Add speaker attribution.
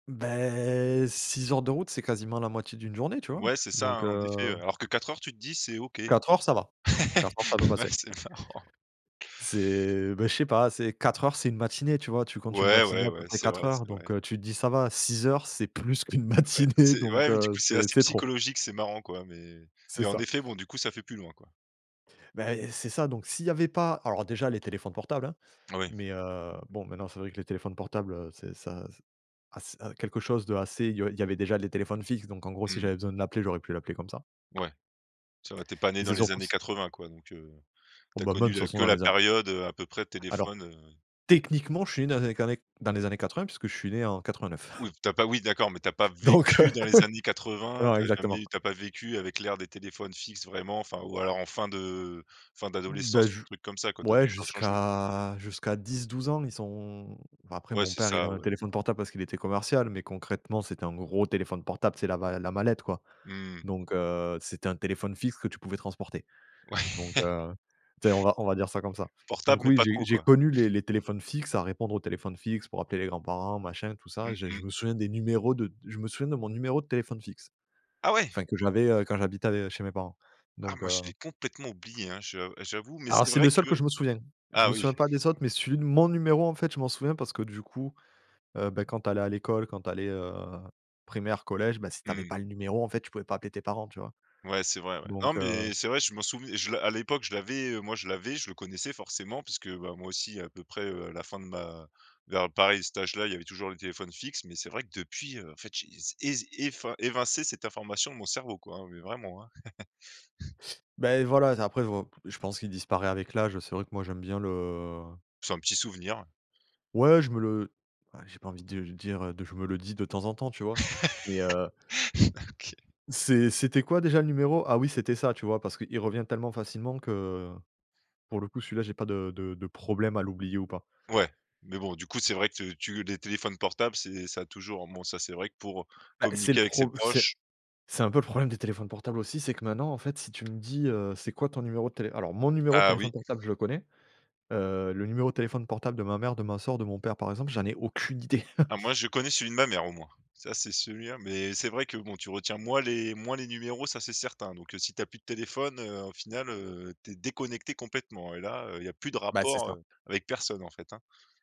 Speaker 1: Beh, 6 heures de route, c'est quasiment la moitié d'une journée, tu vois,
Speaker 2: Ouais, c'est ça,
Speaker 1: donc
Speaker 2: hein, en effet.
Speaker 1: heu
Speaker 2: Alors que 4 heures, tu te dis: «C'est OK»
Speaker 1: 4 heures, ça va, 4 heures, ça peut
Speaker 2: Ouais,
Speaker 1: passer.
Speaker 2: c'est marrant.
Speaker 1: C'est bah, je sais pas, c'est 4 heures, c'est une matinée, tu vois? Tu comptes une
Speaker 2: Ouais,
Speaker 1: matinée
Speaker 2: ouais,
Speaker 1: à peu
Speaker 2: ouais,
Speaker 1: près
Speaker 2: c'est
Speaker 1: 4
Speaker 2: vrai
Speaker 1: heures,
Speaker 2: c'est vrai.
Speaker 1: donc heu, tu te dis: «Ça va», 6 heures, c'est plus qu'une
Speaker 2: Ouais,
Speaker 1: matinée,
Speaker 2: c'est
Speaker 1: donc
Speaker 2: ouais. Mais du
Speaker 1: heu,
Speaker 2: coup, c'est
Speaker 1: c'est
Speaker 2: assez
Speaker 1: c'est trop.
Speaker 2: psychologique, c'est marrant, quoi. Mais,
Speaker 1: C'est
Speaker 2: mais en
Speaker 1: ça.
Speaker 2: effet, bon du coup, ça fait plus loin, quoi.
Speaker 1: Beh, et c'est ça, donc, s'il y avait pas alors déjà, les téléphones portables, hein,
Speaker 2: Ah oui.
Speaker 1: mais heu, bon, maintenant, c'est vrai que les téléphones portables, heu, c'est ça ass quelque chose de assez, heu il y avait déjà les téléphones fixes, donc, en gros, si
Speaker 2: Mmh.
Speaker 1: j'avais besoin de l'appeler j'aurais pu l'appeler comme ça
Speaker 2: Ouais. Ça va, tu es pas né
Speaker 1: et
Speaker 2: dans
Speaker 1: c'est
Speaker 2: les
Speaker 1: surtout
Speaker 2: années
Speaker 1: si
Speaker 2: 80 quoi, donc heu,
Speaker 1: Oh,
Speaker 2: tu as
Speaker 1: ben, même,
Speaker 2: connu
Speaker 1: de toute
Speaker 2: la
Speaker 1: façon
Speaker 2: que
Speaker 1: dans
Speaker 2: la
Speaker 1: les a
Speaker 2: période, heu, à peu près
Speaker 1: Alors,
Speaker 2: téléphone, heu
Speaker 1: techniquement, je suis né dans les années qané dans les années 80, puisque je suis né en 89.
Speaker 2: Oui, tu as pas oui, d'accord, mais tu as pas
Speaker 1: Donc heu.
Speaker 2: vécu dans les années 80.
Speaker 1: Non,
Speaker 2: Tu as
Speaker 1: exactement.
Speaker 2: jamais tu as pas vécu avec l'ère des téléphones fixes vraiment, enfin, ou alors en fin de fin
Speaker 1: Ben,
Speaker 2: d'adolescence ou
Speaker 1: j
Speaker 2: truc comme ça, quoi. Tu as dû
Speaker 1: ouais,
Speaker 2: faire le
Speaker 1: jusqu'
Speaker 2: changement.
Speaker 1: à jusqu'à jusqu'à 10-12 ans, ils sont bah, après,
Speaker 2: Ouais,
Speaker 1: mon
Speaker 2: c'est
Speaker 1: père il
Speaker 2: ça,
Speaker 1: avait un
Speaker 2: ouais.
Speaker 1: téléphone portable, parce qu'il était commercial, mais concrètement c'était un gros téléphone portable, tu sais, la va la mallette, quoi,
Speaker 2: Mmh mh.
Speaker 1: donc heu c'était un téléphone fixe que tu pouvais transporter, donc
Speaker 2: Ouais.
Speaker 1: heu, tu sais, on va on va dire ça comme ça,
Speaker 2: Portable,
Speaker 1: donc
Speaker 2: mais
Speaker 1: oui,
Speaker 2: pas
Speaker 1: j'ai
Speaker 2: trop,
Speaker 1: j'ai
Speaker 2: quoi!
Speaker 1: connu les les téléphones fixes, à répondre aux téléphones fixes pour appeler les grands-parents, machin, tout ça.
Speaker 2: Mmh
Speaker 1: J'ai je
Speaker 2: mh.
Speaker 1: me souviens des numéros de je me souviens de mon numéro de téléphone fixe,
Speaker 2: Ah ouais!
Speaker 1: enfin, que j'avais, heu, quand j'habitais av chez mes parents,
Speaker 2: Ah
Speaker 1: donc
Speaker 2: moi je
Speaker 1: heu
Speaker 2: l'ai complètement oublié, hein. Je j'avoue. Mais
Speaker 1: Alors,
Speaker 2: c'est
Speaker 1: c'est
Speaker 2: vrai
Speaker 1: le seul que
Speaker 2: que
Speaker 1: je me souviens. Je
Speaker 2: ah
Speaker 1: me
Speaker 2: oui.
Speaker 1: souviens pas des autres, mais celui de mon numéro, en fait, je m'en souviens parce que du coup, heu, bah, quand tu allais à l'école, quand tu allais, heu, primaire, collège, bah, si tu avais
Speaker 2: Mmh.
Speaker 1: pas le numéro, en fait, tu pouvais pas appeler tes parents, tu vois?
Speaker 2: Ouais, c'est vrai, ouais. Non,
Speaker 1: Donc heu
Speaker 2: mais c'est vrai, je m'en souv je à l'époque, je l'avais, heu, moi, je l'avais, je le connaissais forcément puisque, bah, moi aussi à peu près, heu, à la fin de ma vers pareil à cet âge-là, il y avait toujours les téléphones fixes. Mais c'est vrai que depuis, heu, en fait, j'ai ez effin évincé cette information de mon cerveau quoi, hein, mais vraiment, hein
Speaker 1: Beh, voilà. Après, heu, v je pense qu'il disparaît avec l'âge. C'est vrai que moi, j'aime bien le
Speaker 2: C'est un petit souvenir.
Speaker 1: Ouais, je me le j'ai pas envie du de dire de je me le dis de temps en temps, tu vois, mais heu
Speaker 2: OK.
Speaker 1: C'est c'était quoi déjà le numéro? Ah oui, c'était ça, tu vois, parce qu'il revient tellement facilement que, pour le coup, celui-là, j'ai pas de de de problème à l'oublier ou pas.
Speaker 2: Ouais. Mais bon, du coup, c'est vrai que tu les téléphones portables c'est ça a toujours, bon, ça c'est vrai que pour
Speaker 1: Bah, c'est le
Speaker 2: communiquer avec ses
Speaker 1: pro c'est
Speaker 2: proches
Speaker 1: c'est un peu le problème des téléphones portables aussi. C'est que maintenant, en fait, si tu me dis, heu: «C'est quoi ton numéro de télé»? Alors, mon numéro de
Speaker 2: Ah oui.
Speaker 1: téléphone portable, je le connais, heu, le numéro de téléphone portable de ma mère, de ma sœur, de mon père par exemple, j'en ai aucune idée.
Speaker 2: Ah, moi, je connais celui de ma mère au moins. Ça c'est celui-là, mais c'est vrai que, bon, tu retiens moins les moins les numéros, ça c'est certain, donc heu, si tu as plus de téléphone, heu, au final, heu, tu es déconnecté complètement et là, heu, il y a plus de
Speaker 1: Bah, c'est
Speaker 2: rapport,
Speaker 1: ça.
Speaker 2: heu, avec personne, en fait, hein.